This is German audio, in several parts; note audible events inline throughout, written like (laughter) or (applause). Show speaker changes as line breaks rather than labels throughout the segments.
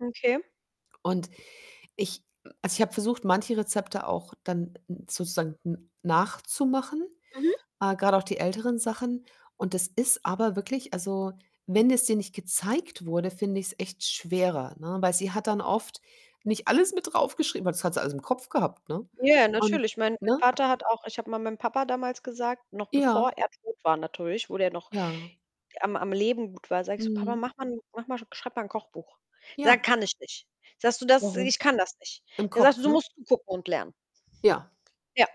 Okay.
Und ich m also, ich habe versucht, manche Rezepte auch dann n sozusagen n nachzumachen,
Mhm.
äh, grade auch die älteren Sachen und das ist aber wirklich also, wenn es dir nicht gezeigt wurde, finde ich's echt schwerer, ne? Weil sie hat dann oft nicht alles mit draufgeschrieben, weil das hat sie alles im Kopf gehabt, ne?
Ja,
Und
natürlich. Mein mein
ne?
Vater hat auch ich habe mal meinem Papa damals gesagt, noch bevor
Ja.
er tot war natürlich, wo der noch
Ja.
am am Leben gut war, sage ich so: „Papa,
Mhm.
mach mal 'n mach mal (unintelligible) schreib mal 'n Kochbuch.“ Sagt:
Ja.
„Kann ich nicht.“ Sagst du das
Warum?
ich kann das nicht.
Im
Der sagt:
Kopf,
„Du
ne?
musst gucken und lernen.“
Ja.
Ja.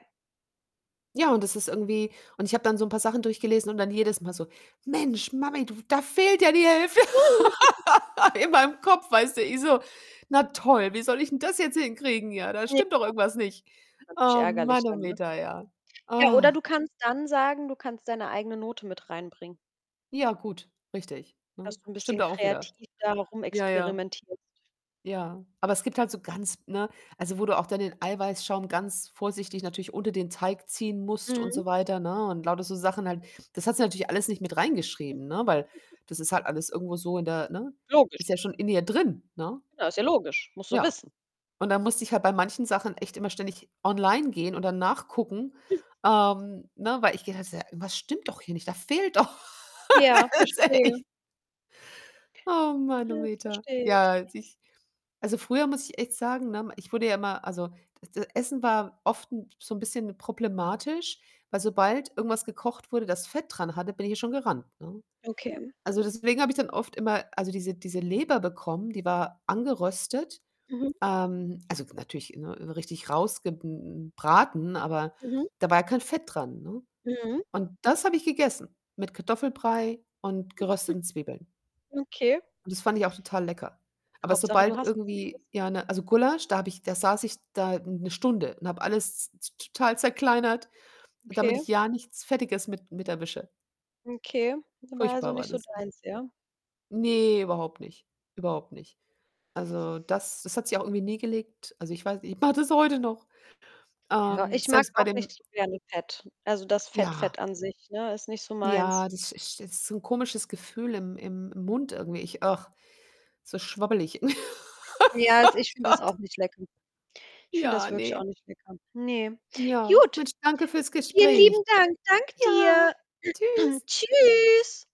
Ja, und das ist irgendwie und ich habe dann so 'n paar Sachen durchgelesen und dann jedes Mal so: „Mensch, Mami, du da fehlt ja die Hälfte
(giggles)
(giggles) in meinem Kopf“, weißt du. Ich so: „Na toll, wie soll ich denn das jetzt hinkriegen? Ja, da
Ja.
stimmt doch irgendwas nicht.“
Natürlich
Oh
ärgerlich dann, ne?
Mannometer, ja.
Ja, oder
(groans)
du kannst dann sagen, du kannst deine eigene Note mit reinbringen
Ja, gut, richtig, ne?
dass du 'n
Stimmt
bisschen
da auch wieder.
kreativ da noch
Ja, ja.
rumexperimentierst.
Ja, aber es gibt halt so ganz, ne also, wo du auch dann den Eiweißschaum ganz vorsichtig natürlich unter den Teig ziehen musst und so
Mhm.
weiter, ne, und lauter so Sachen halt. Das hast sie natürlich alles nicht mit reingeschrieben, ne, weil
(chuckles)
das ist halt alles irgendwo so in der, ne ist
Logisch.
ja schon in ihr drin, ne?
Ja, ist ja logisch, musst du
Ja,
wissen.
und dann musste ich halt bei manchen Sachen echt immer ständig online gehen und dann nachgucken,
(snorts)
ähm, ne weil ich gehe halt so: „Irgendwas stimmt doch hier nicht. Da fehlt doch“
Ja,
Das ist
verstehe.
echt. Oh
Ja, das
Manometer.
verstehe ich.
Ja, als ich also, früher muss ich echt sagen, ne, ich wurde ja immer also, das das Essen war oft 'n so 'n bisschen problematisch, weil sobald irgendwas gekocht wurde, das Fett dran hatte, bin ich ja schon gerannt, ne?
Okay.
Also, deswegen habe ich dann oft immer, also, diese diese Leber bekommen, die war angeröstet,
Mhm.
ähm also, natürlich, ne, richtig rausge hm, hm, braten, aber
Mhm.
da war ja kein Fett dran, ne?
Mhm.
Und das habe ich gegessen mit Kartoffelbrei und
(chuckles)
gerösteten Zwiebeln.
Okay.
Und das fand ich auch total lecker. Aber
Hauptsache, du
sobald
hast was gegessen.
irgendwie ja 'ne also, Gulasch, da habe ich da saß ich da 1 Stunde und habe alles z t total zerkleinert, damit ich
Okay.
ja nichts Fettiges mit mit erwische.
Okay, war, also,
Furchtbar war
nicht so
das. Ich
deins, ja?
Ne, überhaupt nicht, überhaupt nicht. Also,
(chuckles)
das das hat sich auch irgendwie nie gelegt. Also, ich weiß nicht, ich mache das heute noch.
Ja,
Ähm,
ich mag
selbst bei
auch
dem
nicht so gerne Fett. Also, das Fett
Ja.
Fett an sich, ne, ist nicht so meins.
Ja, das ist ist so 'n komisches Gefühl im im im Mund irgendwie. Ich ach, so schwabbelig.
Ja, also,
(giggles)
ich
Oh
finde das
Gott.
auch nicht lecker. Ich finde
Ja,
das wirklich auch
ne.
nicht lecker. Ne,
Ja,
gut.
Mensch, danke fürs
Vielen
Gespräch.
lieben Dank. Dank
Ja,
dir.
Tschüss.
(clears throat) Tschüss.